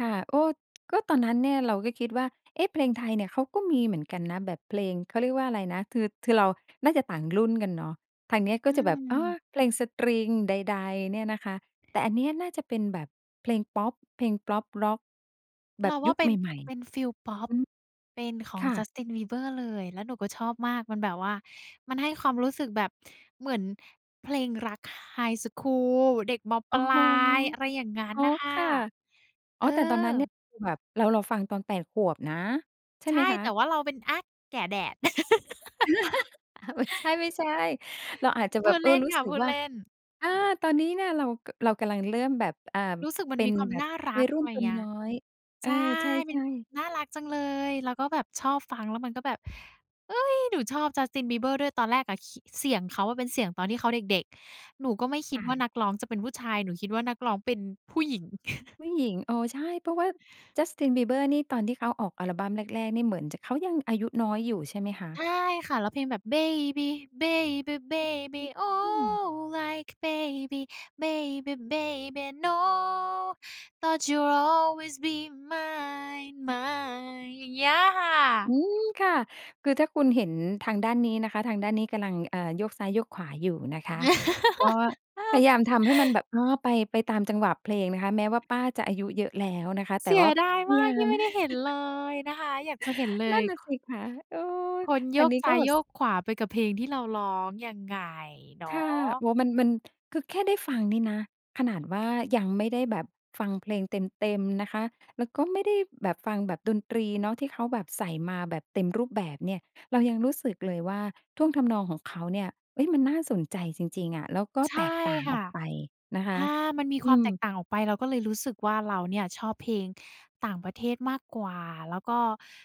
ค่ะ โอ้ ก็ตอนนั้นเนี่ย เราก็คิดว่า เอ๊ะ เพลงไทยเนี่ย เขาก็มีเหมือนกันนะ แบบเพลง เขาเรียกว่าอะไรนะ ทือ คือเราน่าจะต่างรุ่นกันเนาะ ทางนี้ก็อืจะแบบ อ๋อ อ เพลงสตริงใด ๆ เนี่ยนะคะ แต่อันเนี้ยน่าจะเป็นแบบเพลงพอป เพลงพอปร็อก แบเรบาวยุ่าคเปใ็น หม่ ๆ เปอ็ะ นฟีลพอป อือ เป็นขอคง ่ะ Justin Bieber เลย แล้วหนูก็ชอบมาก มันแบบว่า มันให้ความรู้สึกแบบเหมือนเพลงรัก ไฮสกูล เด็ก ม.โอป้ลโฮ าย อะไรอย่างงั้อน๋อ น่ะค่คะ ่ะ เอ๋ออ แต่ตอนนั้นเนี่อ ย คือแบบเรา เราฟังตอน 8 ขวบนะ ใช่ใชไหม่ คะ? แต่ว่าเราเป็น อา แก่แดด อา ไม่ใช่ ๆ เราอาจจะพแบูบ ดเอเลอ ่นรู้ค่ะ สึพกูดว่า เล่น อา ตอนนี้เนี่ย เรา ก เรากำลังเริ่มแบบ อ อ่า รู้สึกมัเปน็มีนความแบนบ่ารวััยก รุ่อนะไรตัวเงี้นย ้อย เอใชอ ่ ใชเป็น ่ ๆ น่ารักจังเลย แล้วก็แบบชอบฟัง แล้วมันก็แบบ เฮ้ย หนูชอบ Justin Bieber ด้วย ตอนแรกอะคิ เสียงเขาอะเป็นเสียงตอนที่เขาเด็ก ๆ หนูก็ไม่คิค่ดว่าะ นักร้องจะเป็นผู้ชาย หนูคิดว่านักร้องเป็นผู้หญิง ผู้หญิง เออ ใช่ เพราะว่า Justin Bieber นี่ ตอนที่เขาออกอัลบัมแรก ๆ นี่ เหมือนจะ เขายังอายุน้อยอยู่ใช่ไหมคะ? ใช่ค่ะ แล้วเพลงแบบ Baby, baby, อา baby อือ อืoh. ม Like baby, baby, baby no. Thought you’d always be mine mine อย่างเงี้ยค่อืะ ม ค่ะ คือถ้าคุณเห็นทางด้านนี้นะคะ ทางด้านนี้กำลัง เอ่อ โยกซ้ายโยกขวาอยู่นะคะ ก็พยายามทำให้มันแบบ อ๋อ ไป ไปตามจังหวะเพลงนะคะ แม้ว่าป้าจะอายุเยอะแล้วนะคะ แตเ่สีว่ยา ดายพะมยาากที่ม ไม่ได้เห็นเลยนะคะ อยากจะเห็นเลนั่ย นน่ะสิคะ เออ คนโทยางกนี้ซก้็ายแบโบ ยส กขวาไปกับเพลงที่เราร้อง ยังไง เนาค่ะ ะ โอ้ มัน มัน คือแค่ได้ฟังนี่นะ ขนาดว่ายังไม่ได้แบบฟังเพลงเต็ม ๆ นะคะ แล้วก็ไม่ได้แบบฟังแบบดนตรีเนาะ ที่เขาแบบใส่มาแบบเต็มรูปแบบเนี่ย เรายังรู้สึกเลยว่าท่วงทำนองของเขาเนี่ย เฮ้ย มันน่าสนใจจริง ๆ อะ แล้วก็ใชแต่กต่างคอ่อะ กไปนะคอะ า มันมีอควืามม แตกต่างออกไป เราก็เลยรู้สึกว่าเราเนี่ยชอบเพลงต่างประเทศมากกว่า แล้วก็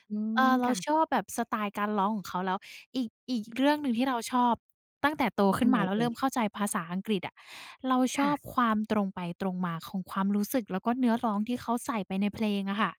อืเอ่อ อ เรคา่ะ ชอบแบบสไตล์การร้องของเขา แล้วอีก อีกเรื่องหนึ่งที่เราชอบตั้งแต่โตขอึั้นนไหมนา แล้เวอเร่ิ่ย? มเข้าใจภาษาอังกฤษอะ เราชค่อะ บความตรงไปตรงมาของความรู้สึก แล้วก็เนื้อร้องที่เขาใส่ไปในเพลงอะค่ะ